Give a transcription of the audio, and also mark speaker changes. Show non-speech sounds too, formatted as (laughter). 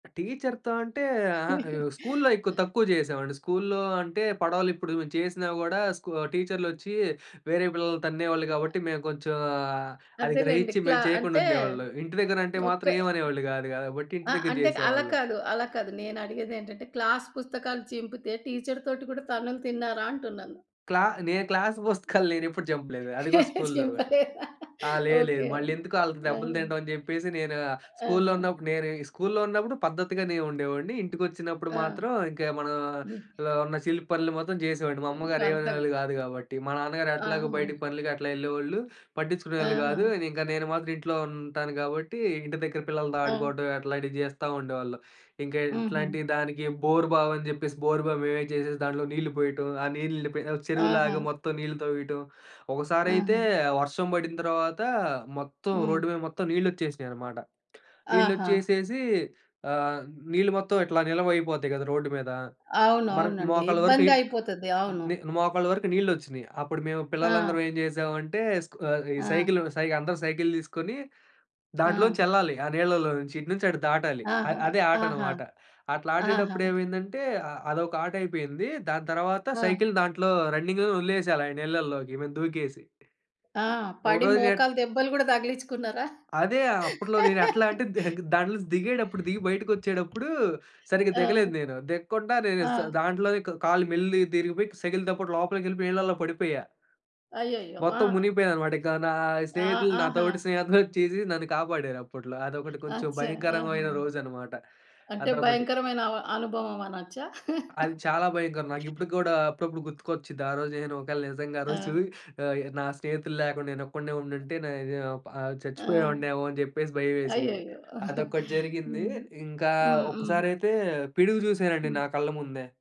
Speaker 1: టీచర్‌తో అంటే, అహా! అయ్యో!
Speaker 2: (chuckles)
Speaker 1: స్కూల్లో ఎక్కువ
Speaker 2: ఆ!
Speaker 1: తక్కువ చేసేవాడిని. స్కూల్లో అంటే పడవలిప్పుడు చేసినా గూడా, స్కు టీచర్లొచ్చి వేరే పిల్లల్ని తన్నేవాళ్ళు
Speaker 2: ఆ!
Speaker 1: కాబట్టి, మేము కొంచెం ఆహ్, అది
Speaker 2: అదేలెండి.
Speaker 1: గ్రహిచ్చి
Speaker 2: క్లా
Speaker 1: మేము చేయకుండా
Speaker 2: అంటే
Speaker 1: ఉండేవాళ్ళం. ఇంటి దగ్గర అంటే
Speaker 2: ఒక్క
Speaker 1: మాత్రం ఏమనేవాళ్ళు కాదు కాబట్టి,
Speaker 2: అ
Speaker 1: ఇంటి దగ్గర
Speaker 2: అంటే
Speaker 1: చేసేవాళ్ళం.
Speaker 2: అలా‌కాదు అలా‌కాదు నేనడిగేదేటంటే క్లాస్ పుస్తకాలు చింపితే టీచర్ తోటి కూడా తన్నులు తిన్నారా అంటున్నాను?
Speaker 1: క్లా నేను క్లాస్ (giggles) పుస్తకాలు నేనెప్పుడు చింపలేదు. అది కూడా స్కూల్లో.
Speaker 2: చింపలేదా?
Speaker 1: ఆ! లేదు. లేదు.
Speaker 2: ఓకే.
Speaker 1: మల్లెందుకు ఆళ్ళకి దెబ్బలు
Speaker 2: ఆహా!
Speaker 1: తింటం అనిచెప్పేసి, నేను ఆహ్, స్కూల్లో
Speaker 2: ఆహా!
Speaker 1: ఉన్నప్పుడు నేను స్కూల్లో ఉన్నప్పుడు పద్ధతిగా‌నే ఉండేవాడ్ని. ఇంటికొచ్చినప్పుడు
Speaker 2: ఆ!
Speaker 1: మాత్రం ఇంకా
Speaker 2: బూ
Speaker 1: మనలో ఉన్న చిలి‌ప్పనులు మాత్రం చేసేవాడిని. మా
Speaker 2: ఇంకా
Speaker 1: అమ్మగారు
Speaker 2: అంత
Speaker 1: ఏమనేవాళ్ళు కాదు కాబట్టి. మా నాన్నగారు ఎట్లాగో బయటికి
Speaker 2: ఆహా!
Speaker 1: పనులకి అట్లా యెళ్ళేవాళ్ళు, పట్టిచ్చుకునేవాళ్ళు గాదు.
Speaker 2: ఆహా!
Speaker 1: ఇంకా నేను మాత్రం ఇంట్లో ఉంటాను కాబట్టి ఇంటి దగ్గర పిల్లలతో
Speaker 2: ఆ!
Speaker 1: ఆడుకోవడం అట్లాంటివి చేస్తా ఉండేవాళ్ళం. ఇంకా
Speaker 2: హుహు.
Speaker 1: ఇట్లాంటి దానికి బోరు‌బావి అని‌చెప్పేసి బోరు‌బావి మేమే చేసేసి దాంట్లో నీళ్లు పోయటం. ఆ నీళ్ళు నిండిపోయి చెరువులాగా
Speaker 2: ఆహా!
Speaker 1: మొత్తం నీళ్లు తవ్వేయటం. ఒకసారైతే
Speaker 2: ఆహా!
Speaker 1: వర్షం పడి‌నతర్వాత మొత్తం
Speaker 2: హ్మ్.
Speaker 1: రోడ్డు మీద మొత్తం నీళ్లొచ్చేసినియన్నమాట.
Speaker 2: ఆహా!
Speaker 1: నీళ్లొ‌చ్చేసేసి, ఆహ్, నీళ్ళు మొత్తం ఇట్లా నిల్వయిపోతాయి కదా రోడ్డు‌మీద.
Speaker 2: అవును.
Speaker 1: మర్
Speaker 2: అవునండి.
Speaker 1: మోకాళ్ళ వరకు
Speaker 2: ఇబ్బందయిపోతది. అవును.
Speaker 1: నీల్ మోకాళ్ళ వరకు నీళ్లొచ్చినియి. అప్పుడు మేము పిల్లలందరం
Speaker 2: ఆ!
Speaker 1: ఏం చేసామంటే, స్కు ఈ
Speaker 2: ఆ!
Speaker 1: సైకిలు సై అందరూ సైకిలు తీసుకొని దాంట్లోంచి
Speaker 2: ఆ!
Speaker 1: యెల్లాలి ఆ నీళ్ళలో నుంచి. ఇటు నుంచి అటు దాటాలి.
Speaker 2: ఆహా!
Speaker 1: అదే
Speaker 2: ఆహా!
Speaker 1: ఆటనమాట. అట్లా
Speaker 2: ఆహా!
Speaker 1: ఆడేటప్పుడు ఏమైందంటే, అ అదొక ఆటయిపోయింది. దాని తర్వాత
Speaker 2: ఆ!
Speaker 1: సైకిలు దాంట్లో రన్నింగ్‌లో వదిలేసేయాలి ఆ నీళ్ళలోకి మేం దూకేసి.
Speaker 2: ఆ! పడి
Speaker 1: ఒకరోజు ఏట్
Speaker 2: మోకాలు దెబ్బలు గూడా తగిలిచ్చుకున్నారా?
Speaker 1: అదే అప్పు‌ట్లో నేనెట్లా
Speaker 2: (laughs)
Speaker 1: అంటే, దగే దాంట్లోంచి దిగేటప్పుడు దిగి బయటకొచ్చేటప్పుడు సరిగ్గా దిగలేదు
Speaker 2: ఆ!
Speaker 1: నేను. దిగ్కుండా నేను స
Speaker 2: ఆ!
Speaker 1: దాంట్లోనే కళ్ళు మెల్లిగా తిరిగిపోయి సైకిలుతోపాటు లోపలికెళ్ళిపోయి నీళ్లలో పడిపోయా.
Speaker 2: అయ్యయ్యో! ఆ!
Speaker 1: మొత్తం మునిగిపోయానన్నమాట. ఇంక నా
Speaker 2: ఆహ్,
Speaker 1: స్నేహితులు
Speaker 2: ఆహా!
Speaker 1: నాతోటి స్నేహితులొచ్చేసి నన్ను కాపాడారు అప్పట్లో. అదొకటి కొంచెం
Speaker 2: అచ్చా! ఆహా!
Speaker 1: భయంకరమైన రోజన్నమాట
Speaker 2: అంటే
Speaker 1: అదొకటి.
Speaker 2: భయంకరమైన అవ అనుభవం అనొచ్చా.
Speaker 1: అది
Speaker 2: (chuckles)
Speaker 1: చాలా భయంకరం. నాకిప్పటిక్కుడా అప్పుడప్పుడు గుర్తుకొచ్చిద్ది ఆరోజు నేను ఒకవేళ నిజంగా ఆ రోజు
Speaker 2: ఆ!
Speaker 1: ఆహ్, నా స్నేహితులు లేకుండా నేనొక్కడినే ఉండుంటే, నే వు ఆహ్,
Speaker 2: ఆ!
Speaker 1: చచ్చిపోయేవాడినేమో అనిచెప్పేసి భయమేసెది.
Speaker 2: అయ్యయ్యో!
Speaker 1: అదొక్కటి
Speaker 2: (chuckles)
Speaker 1: జరిగింది
Speaker 2: హ్మ్.
Speaker 1: ఇంకా
Speaker 2: హ్మ్. హ్మ్.
Speaker 1: ఒక్కసారయితే పిడుగు చూసానండి
Speaker 2: హ్మ్.
Speaker 1: నా కళ్ళ‌ముందే.